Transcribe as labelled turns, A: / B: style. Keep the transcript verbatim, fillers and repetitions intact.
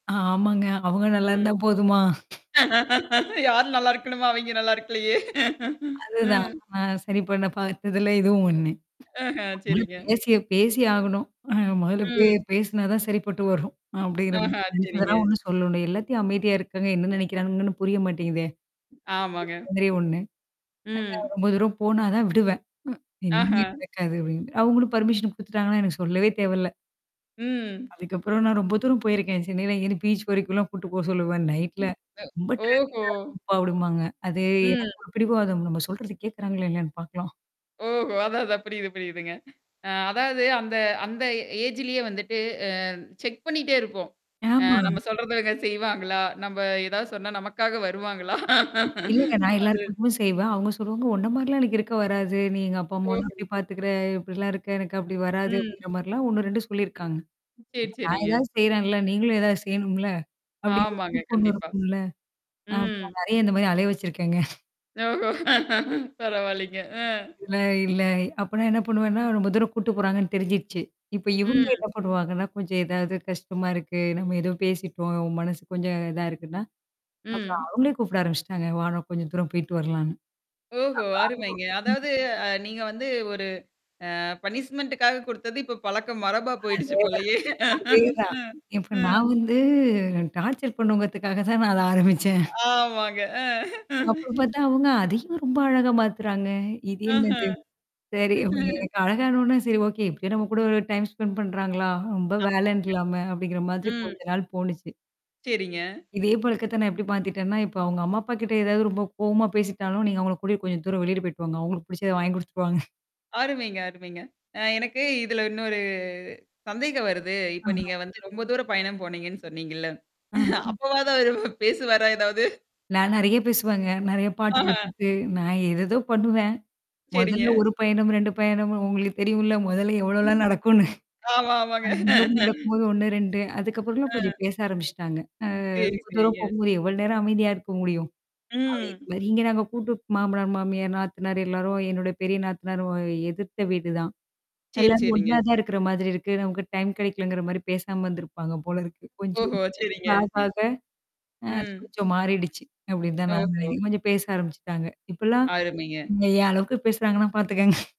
A: ஆமாங்க. அவுங்க நல்லா இருந்தா
B: ம்.
A: போதுமா?
B: யார் நல்லா இருக்கணுமா? அவய்ங்க நல்லா இருக்கலயே!
A: அதுதான்.
B: ம்.
A: நான் சரி பண்ண பார்த்ததுல இதுவும் ஒண்ணு.
B: ஆஹ, சரிங்க.
A: [unintelligible] பேசிய பேசி ஆகணும். ம் மொதல்ல பே
B: ம்.
A: பேசினா தான் சரிப்பட்டு வரும். அப்படிங்கிற
B: ஆஹா!
A: மாதிரி
B: சரிங்க.
A: நெனச்சதெல்லாம் ஒண்ணும் சொல்ல வேண்டியதில்ல. எல்லாத்தையும் அமைதியா இருக்காங்க, என்னா நெனைக்கிறாங்கன்னு? புரிய மாட்டேங்குதே.
B: ஆமாங்க.
A: இந்த மாதிரி ஒண்ணு. [unintelligible]
B: ம்.
A: ரொம்ப தூரம் போனா தான் விடுவேன். என்னைக்குமே
B: ஆஹா.
A: நடக்காது அப்படின்னு. அவுங்களும் பர்மிஷன் குடுத்துட்டாங்கன்னா எனக்கு சொல்லவே தேவ இல்ல!
B: ம்.
A: அதுக்கப்புறம் நான் ரொம்ப தூரம் போயிருக்கேன். சென்னையில இங்க என்ன பீச் வரைக்கும்லாம் கூட்டு போக சொல்லுவேன், "நைட்ல.
B: ம் அ
A: ரொம்ப
B: ஓஹோ!
A: ட்ராஃபிக்கா இருக்கும்ப்பா"அப்டின்ம்பாங்க. அது
B: ம்.
A: எனக்கு ஒரு பிடிவாதம் நம்ம சொல்றத கேக்குறாங்ளா, இல்லையான்னு பாக்கலாம்.
B: ஓஹோ! அதான், அதான் புரியுது புரியுதுங்க. அ அதாவது, அந்த அந்த ஏஜ்லயே வந்துட்டு, அ செக் பண்ணிட்டே இருப்போம். அ
A: ஆமா.
B: நம்ம சொல்றத இவங்க செய்வாங்களா? நம்ப ஏதாவது சொன்னா, நமக்காக வருவாங்களா?
A: இல்லங்க நான்
B: அது.
A: எல்லாருக்காகவும் செய்வேன். அவுங்க சொல்லுவாங்க "உன்ன மாரிலாம் எனக்கு இருக்க வராது. நீ எங்க அப்பா அம்மாவெல்லாம்
B: ஓஹோ!
A: இப்டி பாத்துக்கற, இப்படிலாம் இருக்க, எனக்கு அப்படி வராது"
B: ம்.
A: அப்டிங்கிற மாரிலாம் ஒண்ணு, ரெண்டு சொல்லியிருக்காங்க.
B: சரி,
A: "அப்ப நான்
B: சரிங்க.
A: ஏதாவது செய்றேன்ல! நீங்களும் ஏதாவது செய்யணும்ல?" அப்படிங்கிற
B: ஆமாங்க.
A: மாரி பொண்ணு
B: கண்டிப்பா.
A: இருக்கும்ல. அ
B: ம்.
A: அப்பறம் நான் நெறையா இந்த மாரி அலைய வச்சிருக்கேங்க.
B: ஓஹோ! பரவால்லிங்க. அ.
A: இல்ல, இல்ல! அப்பன்னா என்னா பண்ணுவேன்னா, ரொம்ப தூரம் கூட்டு போறாங்கன்னு தெரிஞ்சுடுச்சு. இப்ப இவுங்க
B: ம்.
A: என்னா பண்ணுவாங்கன்னா, கொஞ்சம் ஏதாவது கஷ்டமா இருக்கு, நம்ம ஏதோ பேசிட்டோம், ஒ மனசுக்கு கொஞ்சம் இதா இருக்குன்னா? அப்புறம்
B: ம்.
A: அவுங்களே கூப்பிட ஆரம்பிச்சுட்டாங்க. வா! நம்ம கொஞ்சம் தூரம் போய்ட்டு வரலான்னு.
B: ஓஹோ! அருமைங்க.
A: [unintelligible] ம்.
B: அதாவது, அ நீங்க வந்து ஒரு அ பனிஷ்மென்டக்காக குடுத்தது இப்ப பழக்கம் மரபா போயிடுச்சு
A: அதேதான்,
B: போலயே! ம்,
A: அதேதான். இப்ப
B: ம்.
A: நான் வந்து டார்ச்சர் பண்ணுவோங்கிறதுக்காக தான் நான் அத ஆரம்பிச்சேன்.
B: ஆமாங்க. அ
A: அப்பறம் பாத்தா அவுங்க அதையும் ரொம்ப அழகா மாத்துறாங்க. இது
B: ஆஹ.
A: என்னது? சரி அப்ப எ எனக்கு அழகானோனா, "சரி ஓகே! எப்டியோ நம்ம கூட ஒரு டைம் ஸ்பெண்ட் பண்ணுறாங்களா, ரொம்ப
B: ஆமாங்க,
A: வேலைன்ட்டுல்லாம" அப்படிங்கிற மாதிரி
B: ம்.
A: கொஞ்ச நாள் போனுச்சு.
B: சரிங்க.
A: இதே பழக்கத்த நான் எப்டி மாத்திட்டேன்னா, இப்ப அவுங்க அம்மா அப்பா கிட்ட ஏதாவது ரொம்ப கோவமா பேசிட்டாலும், "நீங்க அவுங்கள கூட்டிட்டு கொஞ்சம் தூரம் வெளியில போய்ட்டு வாாங்க. அவுங்களுக்கு புடிச்சத வாங்கி குடுத்துட்டு வாங்க"
B: அருமைங்க, அருமைங்க. அ எனக்கு இதுல இன்னொரு சந்தேகம் வருது. இப்ப
A: ஆஹ.
B: நீங்க வந்து ரொம்ப தூரம் பயணம் போனீங்கன்னு சொன்னீங்கள்ல,
A: ஆ. ஆ.
B: அப்பவாவது அவரு பேசுவாரா ஏதாவது?
A: நான் நெறையா பேசுவேங்க. நெறையா பாட்டு
B: ஆஹ.
A: போட்டுட்டு, நான் ஏதேதோ பண்ணுவேன்.
B: சரிங்க.
A: மொதல்ல ஒரு பயணம், ரெண்டு பயணம்ன்னு உங்களுக்கு தெரியும்ல! மொதல்ல
B: ம்.
A: எவ்வளோலாம் நடக்கும்ன்னு?
B: ஆமா, ஆமாங்க.
A: அந்த யோகம் நடக்கும்போது, ஒண்ணு, ரெண்டு, அதுக்கப்புறம்லாம் கொஞ்சம்
B: ஆ.
A: பேச ஆரம்பிச்சுட்டாங்க. அ
B: சரி,
A: ரொம்ப தூரம்
B: சரிங்க.
A: போகும்போது, எவ்வளோ நேரம் அமைதியா இருக்க முடியும்? அதே
B: ம்.
A: மாரி, இங்க நாங்க கூட்டு மாமனார், மாமியார், நாத்தனாரு எல்லாரும் என்னுடைய பெரிய நாத்தனாரு எதிர்த்த வீடு தான்.
B: சரி,
A: எல்லாரும் ஒண்ணா
B: சரிங்க.
A: தான் இருக்கிற மாதிரி இருக்கு. நமக்கு டைம் கெடைக்கலங்கிற மாரி பேசாம வந்திருப்பாங்க போல இருக்கு,
B: ம்,
A: கொஞ்சம்.
B: ஓஹோ! சரிங்க.
A: நான் பாத்தேன் அ அது
B: ம்.
A: கொஞ்சம் மாறிடுச்சு, அப்டின்னு தான் நான்
B: ஓஹோ!
A: நெனைக்கிறேன். இப்ப கொஞ்சம் பேச ஆரம்பிச்சுட்டாங்க. இப்பலாம்
B: அருமைங்க.
A: என் அளவுக்கு பேசுறாங்கன்னா பாத்துக்கோங்க.